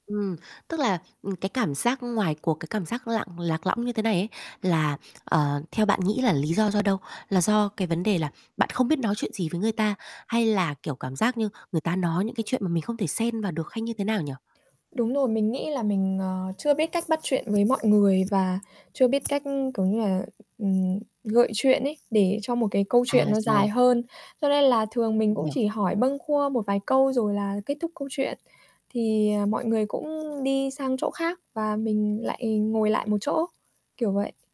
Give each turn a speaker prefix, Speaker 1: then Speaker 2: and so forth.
Speaker 1: Ừm, tức là, ừm, cái cảm giác ngoài cuộc, cái cảm giác lặn lạc lõng như thế này ấy là, ờ, theo bạn nghĩ là lý do do đâu? Là do cái vấn đề là bạn không biết nói chuyện gì với người ta, hay là, kiểu, cảm giác như người ta nói những cái chuyện mà mình không thể xen vào được hay như thế nào nhỉ?
Speaker 2: Đúng rồi, mình nghĩ là mình, ờ, chưa biết cách bắt chuyện với mọi người và chưa biết cách, kiểu như là, ừm, gợi chuyện ấy để cho một cái câu
Speaker 1: À,
Speaker 2: chuyện nó dài
Speaker 1: rồi.
Speaker 2: hơn, cho nên là thường mình
Speaker 1: Mình
Speaker 2: cũng
Speaker 1: hiểu.
Speaker 2: chỉ hỏi bâng quơ một vài câu rồi là kết thúc câu chuyện, thì, à, mọi người cũng đi sang chỗ khác và mình lại ngồi lại một chỗ, kiểu vậy.